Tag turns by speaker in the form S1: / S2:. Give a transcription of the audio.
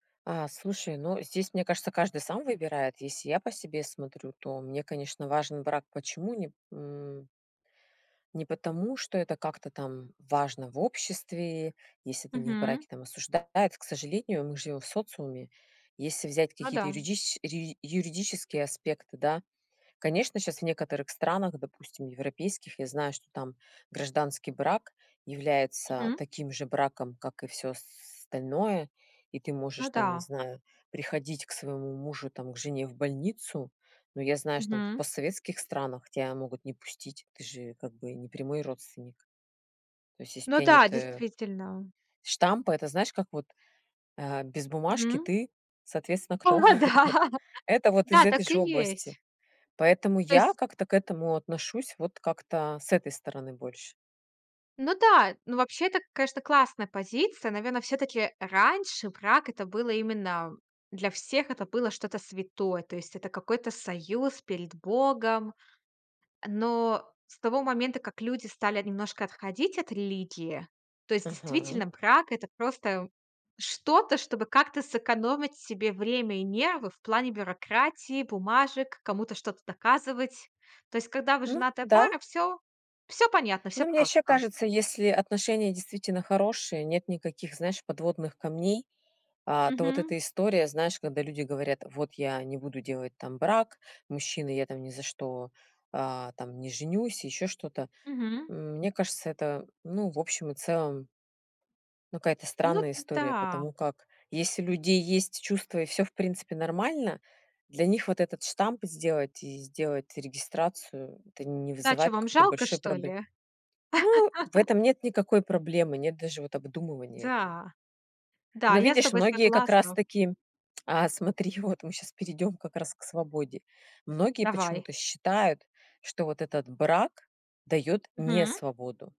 S1: Э, слушай, ну, здесь, мне кажется, каждый сам выбирает. Если я по себе смотрю, то мне, конечно, важен брак. Почему не м. Не потому, что это как-то там важно в обществе, если ты не в
S2: Мгм.
S1: браке, там осуждают, к сожалению, мы живем в социуме. Если взять
S2: Ну
S1: какие-то
S2: да.
S1: юридич юри юридические аспекты, да, конечно, сейчас в некоторых странах, допустим, европейских, я знаю, что там гражданский брак является
S2: Мгм.
S1: таким же браком, как и всё остальное, и ты можешь,
S2: Ну
S1: там, не
S2: да.
S1: знаю, приходить к своему мужу, там, к жене в больницу. Но я знаю, что там в
S2: Мгм.
S1: постсоветских странах тебя могут не пустить, ты же, как бы, не прямой родственник. То есть, если у
S2: Ну
S1: тебя
S2: да,
S1: нет, э,
S2: действительно.
S1: штампа, это знаешь, как вот, э, без бумажки
S2: Мгм.
S1: ты, соответственно, кто?
S2: О да.
S1: Вот. Это вот из
S2: Да,
S1: этой
S2: так и
S1: же области.
S2: есть.
S1: Поэтому
S2: То
S1: я
S2: есть
S1: как-то к этому отношусь вот как-то с этой стороны больше.
S2: Ну да, ну, вообще, это, конечно, классная позиция. Наверное, всё-таки раньше брак- это было именно для всех, это было что-то святое. То есть это какой-то союз перед богом. Но с того момента, как люди стали немножко отходить от религии, то есть
S1: Мгм.
S2: действительно, брак- это просто что-то, чтобы как-то сэкономить себе время и нервы в плане бюрократии, бумажек, кому-то что-то доказывать. То есть, когда вы
S1: Ну
S2: женатая
S1: да.
S2: пара, всё всё понятно, всё
S1: Ну, мне ещё
S2: просто.
S1: кажется, если отношения действительно хорошие, нет никаких, знаешь, подводных камней, а, то вот
S2: Мгм.
S1: эта история, знаешь, когда люди говорят: "Вот я не буду делать там брак". Мужчина: "Я там ни за что, а, там не женюсь", ещё что-то.
S2: Мгм.
S1: М, мне кажется, это, ну, в общем и целом ну, какая-то
S2: Ну
S1: странная история,
S2: да.
S1: потому как если у людей есть чувства и всё в принципе нормально, для них вот этот штамп сделать и сделать регистрацию- это не
S2: Да чего
S1: вызывает
S2: вам
S1: какой-то
S2: жалко,
S1: большой
S2: что
S1: пробл
S2: ли?
S1: ну, в этом нет никакой проблемы, нет даже вот обдумывания этого.
S2: Да, да,
S1: Но
S2: я с
S1: видишь,
S2: тобой
S1: многие как
S2: согласна.
S1: раз-таки а смотри, вот мы сейчас перейдём как раз к свободе. Многие
S2: Давай.
S1: почему-то считают, что вот этот брак даёт
S2: Мгм.
S1: несвободу.